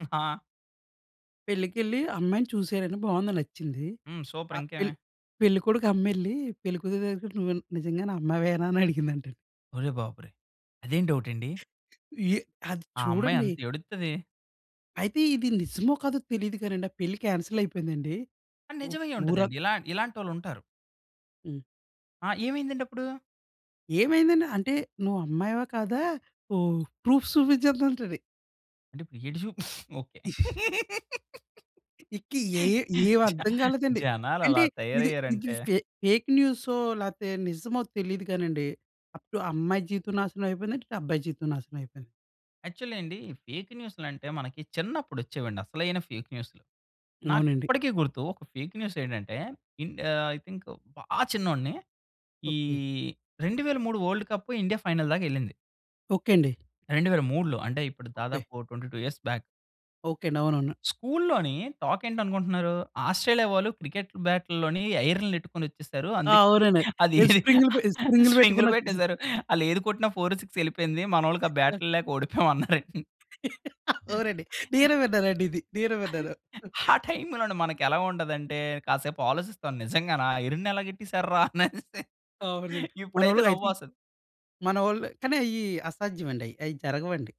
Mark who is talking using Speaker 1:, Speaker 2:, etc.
Speaker 1: ఆ!
Speaker 2: పెళ్ళికెళ్ళి అమ్మాయిని చూశారండి. బావుంది. నచ్చింది.
Speaker 1: హ్మ్. సూపర్
Speaker 2: ఆహ్, "పెళ్
Speaker 1: ఇంకేమి.
Speaker 2: పెళ్ళికొడుకు అమ్మెళ్ళి పెళ్ళికూతురు దగ్గరికెళ్ళి, నువ్వు నిజంగానే అమ్మాయివేనా!" అని అడిగిందంటండి.
Speaker 1: ఒరేయ్ బాబొరేయ్! అదేం డౌటండి?
Speaker 2: యే అది
Speaker 1: ఆ అమ్మాయి
Speaker 2: చూడండీ!
Speaker 1: ఎంతేడుత్తది.
Speaker 2: అయితే ఇది నిజమో కాదో తెలీదు కానండి, ఆ పెళ్ళి కాన్సెలయిపేయిందండి.
Speaker 1: ఆ!
Speaker 2: ఉ ఊరం
Speaker 1: నిజమయ్యుంటదండి. ఇలా ఇలాంటోళ్ళుంటారు.
Speaker 2: హ్మ్.
Speaker 1: ఆ! ఏవైందండప్పుడు?
Speaker 2: ఏమైందండి. అంటే "నువ్వు అమ్మాయివా, కాదా ఊ ప్రూఫ్ చూపించు" అందంటండి.
Speaker 1: అంటే ఇప్పుడెటు చూపు ఓకే.
Speaker 2: ఇంక ఏ ఏ
Speaker 1: జ
Speaker 2: ఏవర్థం కాలేదండి. అంటే
Speaker 1: జనాలెలా
Speaker 2: ఇది, ఇది
Speaker 1: తయారయ్యారంటే!
Speaker 2: ఫే ఫేక్ న్యూసో లేతే నిజమో తెలీదు కానండి. అప్పుడు అమ్మాయి జీవితం నాశనమయిపోయిందండి. ఇటు అబ్బాయి జీవితం నాశనమయిపోయింది.
Speaker 1: యాక్చువల్లీ అండి. ఫేకు న్యూసులంటే మనకి చిన్నప్పుడొచ్చేవండి అసలైన ఫేక్ న్యూసులు.
Speaker 2: అవునండి.
Speaker 1: నాకిప్పటికీ గుర్తు ఒక ఫేక్ న్యూసేంటంటే, ఇన్ ఆహ్, ఐ థింక్ బా చిన్నోడిని. ఈ
Speaker 2: ఓకే.
Speaker 1: 2003 వోల్డ్ కప్పు ఇండియా ఫైనల్‌దాకెళ్ళింది.
Speaker 2: ఓకే అండి.
Speaker 1: 2003లో. అంటే ఇప్పుడు
Speaker 2: ఓకే.
Speaker 1: దాదాపు ఓ 22 ఇయర్స్ బ్యాక్.
Speaker 2: ఓకే అండి. అవునవును.
Speaker 1: స్కూల్లోని టాకేంటనుకుంటున్నారు. "ఆస్ట్రేలియా వాళ్ళు క్రికెట్ బాటుల్లోని ఐరన్లని యెట్టుకొనొచ్చేసారు.
Speaker 2: ఆ!
Speaker 1: అందుకే
Speaker 2: అవునండి.
Speaker 1: అదీ
Speaker 2: ఈళ్ళు స్ప్రింగులు పె స్ప్రింగులు
Speaker 1: స్పింగులు
Speaker 2: పెట్టుకునొచ్చేసి
Speaker 1: పెట్టేసారు. ఆళ్ళేది కొట్టిన ఫోరు, సిక్సూ యెళ్ళిపోయింది. మనోళ్ళకి ఆ
Speaker 2: ఆ!
Speaker 1: బ్యాటుల్లేక ఓడిపోయాం" అన్నారండి.
Speaker 2: అవునండి. నేనూ విన్నానండి ఇది. నేనూ విన్నాను.
Speaker 1: ఆ టైములోన మనకెలా ఉండాదంటే కాసేపాలోసిస్తాను నిజంగానా ఐరన్‌నెలా గెట్టేసారురా అనేసి.
Speaker 2: అవునండి.
Speaker 1: ఇప్పుడైతే
Speaker 2: మనోళ్ళు అయితే
Speaker 1: నవ్వొస్తది.
Speaker 2: మనోళ్ళు కానీ అయ్యి అసాధ్యమండి. అయ్యి జరగవండి.